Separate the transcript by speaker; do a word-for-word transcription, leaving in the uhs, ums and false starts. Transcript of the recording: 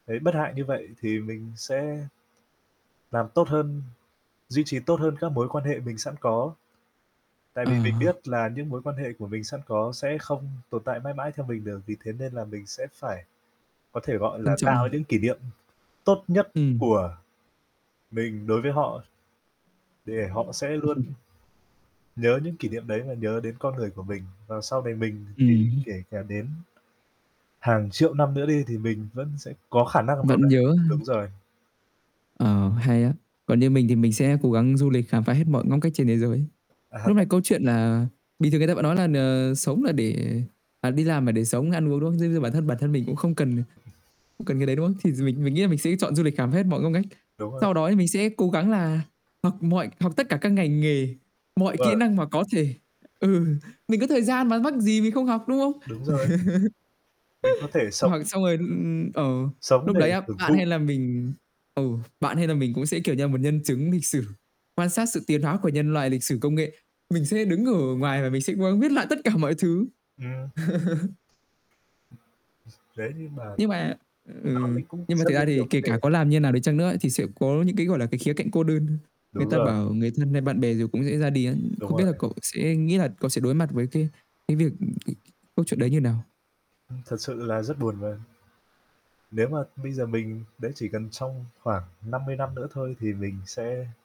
Speaker 1: Thấy bất hại như vậy thì mình sẽ làm tốt hơn, duy trì tốt hơn các mối quan hệ mình sẵn có. Tại
Speaker 2: Ờ.
Speaker 1: vì mình biết là những mối quan hệ của mình sẵn có sẽ không tồn tại mãi mãi theo mình được, vì thế nên là mình sẽ phải có thể, gọi
Speaker 2: Trân
Speaker 1: là,
Speaker 2: trọng à.
Speaker 1: tạo những kỷ niệm tốt nhất
Speaker 2: Ừm.
Speaker 1: của mình đối với họ. Để họ sẽ luôn nhớ những kỷ niệm đấy và nhớ đến con người của mình và sau này mình thì
Speaker 2: Ừm.
Speaker 1: kể cả đến hàng triệu năm nữa đi thì mình vẫn sẽ có khả năng nào
Speaker 2: Vẫn
Speaker 1: đấy
Speaker 2: nhớ ha.
Speaker 1: đúng rồi.
Speaker 2: Ờ, hay á, còn như mình thì mình sẽ cố gắng du lịch khám phá hết mọi ngóc ngách trên thế giới.
Speaker 1: À ha.
Speaker 2: Lúc này câu chuyện là bình thường người ta vẫn nói là n sống là để à, đi làm là để sống ăn uống, đúng không? Giống như bản thân bản thân mình cũng không cần không cần cái đấy, đúng không? Thì dù mình mình nghĩ là mình sẽ chọn du lịch khám phá hết mọi ngóc ngách.
Speaker 1: Đúng rồi.
Speaker 2: Sau đó thì mình sẽ cố gắng là học mọi học tất cả các ngành nghề, mọi
Speaker 1: Đúng
Speaker 2: kỹ
Speaker 1: rồi.
Speaker 2: năng mà có thể, ừ, mình có thời gian mà mắc gì mình không học, đúng không?
Speaker 1: Đúng rồi. Mình có thể sống
Speaker 2: Hoặc xong rồi, ừm, ờ,
Speaker 1: sống
Speaker 2: lúc
Speaker 1: để
Speaker 2: đấy á,
Speaker 1: hưởng
Speaker 2: bạn hay
Speaker 1: thụ.
Speaker 2: là mình ừ, bạn hay là mình cũng sẽ, kiểu như là, một nhân chứng lịch sử, quan sát sự tiến hóa của nhân loại lịch sử công nghệ, mình sẽ đứng ở ngoài và mình sẽ cố gắng viết lại tất cả mọi thứ.
Speaker 1: Ừm. Thế nhưng mà
Speaker 2: Nhưng mà ừ,
Speaker 1: [unintelligible] cũng
Speaker 2: nhưng mà
Speaker 1: rất
Speaker 2: thực
Speaker 1: là
Speaker 2: ra
Speaker 1: nhiều
Speaker 2: thì
Speaker 1: vấn
Speaker 2: kể cả
Speaker 1: đề.
Speaker 2: có làm như nào đi chăng nữa thì sẽ có những cái, gọi là, cái khía cạnh cô đơn. Người
Speaker 1: Đúng
Speaker 2: ta
Speaker 1: rồi.
Speaker 2: bảo người thân hay bạn bè rồi cũng dễ ra đi ấy.
Speaker 1: Đúng
Speaker 2: Không biết là
Speaker 1: rồi.
Speaker 2: cậu sẽ nghĩ là cậu sẽ đối mặt với cái cái việc [unintelligible] cái câu chuyện đấy như nào?
Speaker 1: Ừm, thật sự là rất buồn và Nếu mà bây giờ mình đấy, chỉ cần trong khoảng năm mươi năm nữa thôi thì mình sẽ